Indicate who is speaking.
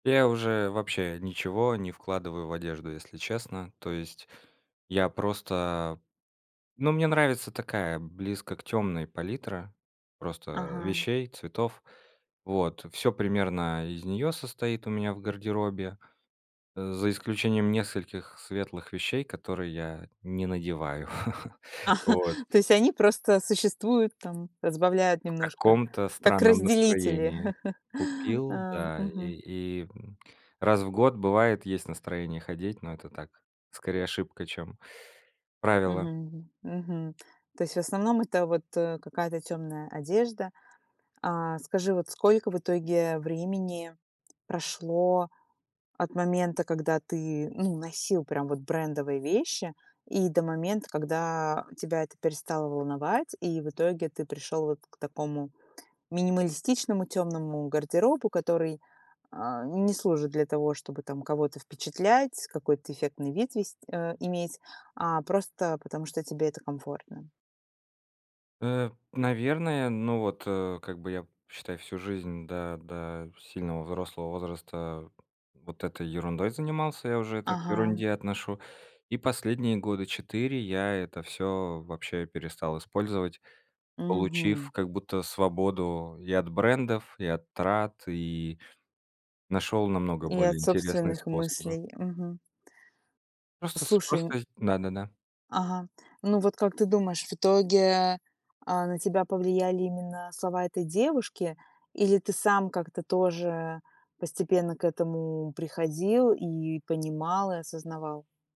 Speaker 1: Я уже вообще ничего не вкладываю в одежду, если честно. То есть я просто Ну, мне нравится такая близко к тёмной палитра просто
Speaker 2: Ага.
Speaker 1: вещей, цветов, вот. Всё примерно из нее состоит у меня в гардеробе, э, за исключением нескольких светлых вещей, которые я не надеваю, вот.
Speaker 2: То есть они просто существуют там, разбавляют
Speaker 1: В
Speaker 2: немножко,
Speaker 1: каком-то
Speaker 2: как
Speaker 1: странном
Speaker 2: разделители.
Speaker 1: настроении купил,
Speaker 2: Ам,
Speaker 1: да. И
Speaker 2: мгм.
Speaker 1: и, м, раз в год, бывает, есть настроение ходить, но это так, скорее, ошибка, чем правило.
Speaker 2: Мгм, мгм. То есть, в основном, это вот, э, какая-то тёмная одежда. А скажи, вот сколько в итоге времени прошло от момента, когда ты, ну, носил прям вот брендовые вещи, и до момента, когда тебя это перестало волновать, и в итоге ты пришёл вот к такому минималистичному тёмному гардеробу, который, а, не служит для того, чтобы там кого-то впечатлять, какой-то эффектный вид вес э, иметь, а просто потому что тебе это комфортно?
Speaker 1: Э, наверное, ну, вот, э, как бы я, считай, всю жизнь да да сильного взрослого возраста вот этой ерундой занимался, я уже это к
Speaker 2: Ага.
Speaker 1: ерунде отношу. И последние года 4 я это всё вообще перестал использовать, получив
Speaker 2: Мгм.
Speaker 1: как будто свободу и от брендов, и от трат, и нашёл намного
Speaker 2: И
Speaker 1: более
Speaker 2: от
Speaker 1: интересные
Speaker 2: собственных
Speaker 1: способы.
Speaker 2: мыслей, мгм.
Speaker 1: Просто с
Speaker 2: Слушай, н
Speaker 1: просто зд да-да-да.
Speaker 2: Ага, ну, вот как ты думаешь, в итоге, а, на тебя повлияли именно слова этой девушки или ты сам как-то тоже постепенно к этому приходил и понимал, и осознавал?